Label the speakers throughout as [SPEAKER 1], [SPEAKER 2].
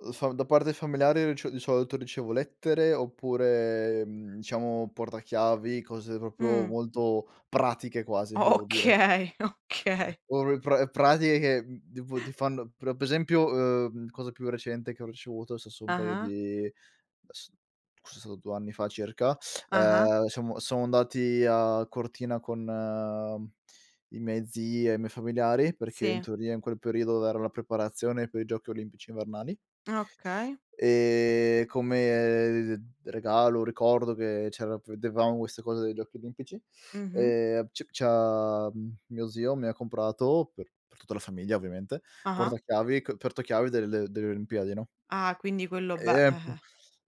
[SPEAKER 1] Uhm, fa da parte familiare rice di solito ricevo lettere oppure, mhmm, diciamo portachiavi, cose proprio
[SPEAKER 2] Mh.
[SPEAKER 1] molto pratiche, quasi,
[SPEAKER 2] O
[SPEAKER 1] devo dire.
[SPEAKER 2] okay, okay.
[SPEAKER 1] Or pra pratiche che, mhmm, tipo ti fanno per per esempio, uhm, cosa più recente che ho ricevuto, se so' un paio
[SPEAKER 2] Ah-ah.
[SPEAKER 1] di s forse è stato 2 anni fa circa,
[SPEAKER 2] Ah-ah.
[SPEAKER 1] ehm, siamo siamo andati a Cortina con i miei zii e i miei familiari perché in
[SPEAKER 2] Sì.
[SPEAKER 1] teoria in quel periodo era la preparazione per i Giochi Olimpici Invernali.
[SPEAKER 2] Okay.
[SPEAKER 1] Ehm, come d regalo, ricordo che c'era vedevamo queste cose dei Giochi Olimpici,
[SPEAKER 2] Mh-mh.
[SPEAKER 1] ehm, c c'ha mio zio mi ha comprato, per per tutta la famiglia ovviamente,
[SPEAKER 2] Ah-ah.
[SPEAKER 1] portachiavi co portachiavi delle delle Olimpiadi, no?
[SPEAKER 2] Ah, quindi quello beh
[SPEAKER 1] E è
[SPEAKER 2] eh-eh.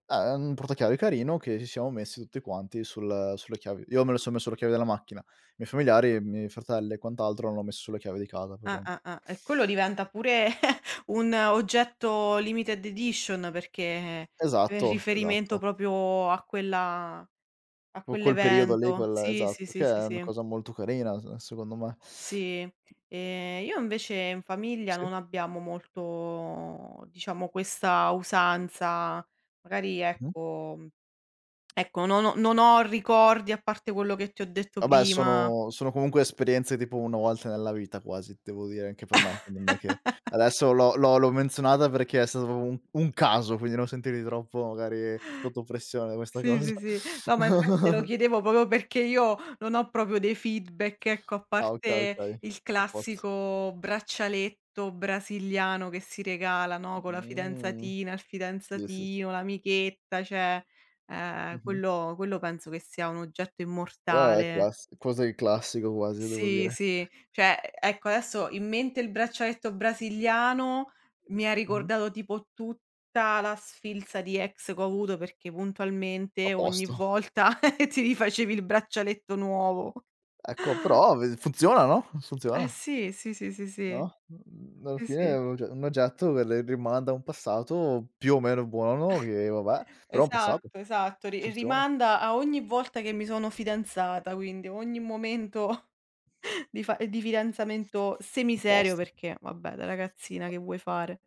[SPEAKER 1] è un portachiavi carino che ci siamo messi tutti quanti sul sulle chiavi. Io me lo sono messo nelle chiavi della macchina. I miei familiari, i miei fratelli e quant'altro l'hanno messo sulle chiavi di casa, per
[SPEAKER 2] Ah,
[SPEAKER 1] esempio.
[SPEAKER 2] ah, ah. E quello diventa pure un oggetto limited edition perché in
[SPEAKER 1] Esatto,
[SPEAKER 2] riferimento
[SPEAKER 1] esatto.
[SPEAKER 2] proprio a quella a
[SPEAKER 1] Poi quel periodo lì,
[SPEAKER 2] quell'evento.
[SPEAKER 1] quel
[SPEAKER 2] Sì, sì,
[SPEAKER 1] esatto,
[SPEAKER 2] sì,
[SPEAKER 1] che
[SPEAKER 2] sì,
[SPEAKER 1] è una
[SPEAKER 2] sì.
[SPEAKER 1] cosa molto carina, uhm, secondo me.
[SPEAKER 2] Sì. Ehm, io invece in famiglia
[SPEAKER 1] Sì.
[SPEAKER 2] non abbiamo molto, diciamo, questa usanza magari
[SPEAKER 1] Mh-mh.
[SPEAKER 2] ecco ecco, non ho non ho ricordi a parte quello che ti ho detto
[SPEAKER 1] Vabbè,
[SPEAKER 2] prima.
[SPEAKER 1] sono sono comunque esperienze tipo 1 volta nella vita quasi, devo dire anche per me, quindi non è che adesso l'ho l'ho l'ho menzionata perché è stato proprio un un caso, quindi non sentirti troppo magari sotto pressione da questa
[SPEAKER 2] Sì,
[SPEAKER 1] cosa.
[SPEAKER 2] sì, sì. No, ma infatti te lo chiedevo proprio perché io non ho proprio dei feedback, ecco, a
[SPEAKER 1] Ah, okay,
[SPEAKER 2] parte
[SPEAKER 1] okay.
[SPEAKER 2] il
[SPEAKER 1] Apposto.
[SPEAKER 2] classico braccialetto brasiliano che si regala, no, con la
[SPEAKER 1] Mh,
[SPEAKER 2] fidanzatina, il
[SPEAKER 1] sì, sì, s
[SPEAKER 2] fidanzatino, l'amichetta, cioè, ehm,
[SPEAKER 1] Mh-mh.
[SPEAKER 2] quello quello penso che sia un oggetto
[SPEAKER 1] Eh,
[SPEAKER 2] immortale.
[SPEAKER 1] class così è classico quasi, devo
[SPEAKER 2] Sì,
[SPEAKER 1] dire.
[SPEAKER 2] sì. Cioè, ecco, adesso in mente il braccialetto brasiliano mi ha
[SPEAKER 1] Mh-mh.
[SPEAKER 2] ricordato tipo tutta la sfilza di ex che ho avuto perché puntualmente ogni
[SPEAKER 1] Apposto.
[SPEAKER 2] volta ti rifacevi il braccialetto nuovo.
[SPEAKER 1] Ecco, però ve funziona, no,
[SPEAKER 2] Eh,
[SPEAKER 1] funziona.
[SPEAKER 2] sì. Sì, sì, sì, sì.
[SPEAKER 1] No, mhmm, alla
[SPEAKER 2] Sì,
[SPEAKER 1] fine è
[SPEAKER 2] sì.
[SPEAKER 1] un og un oggetto che le rimanda a un passato più o meno buono, no, che vabbè, però è passato.
[SPEAKER 2] Esatto, esatto. Ri
[SPEAKER 1] Funziona.
[SPEAKER 2] rimanda a ogni volta che mi sono fidanzata, quindi ogni momento di fa di fidanzamento semiserio
[SPEAKER 1] Apposto.
[SPEAKER 2] perché vabbè da ragazzina
[SPEAKER 1] A
[SPEAKER 2] che vuoi fare?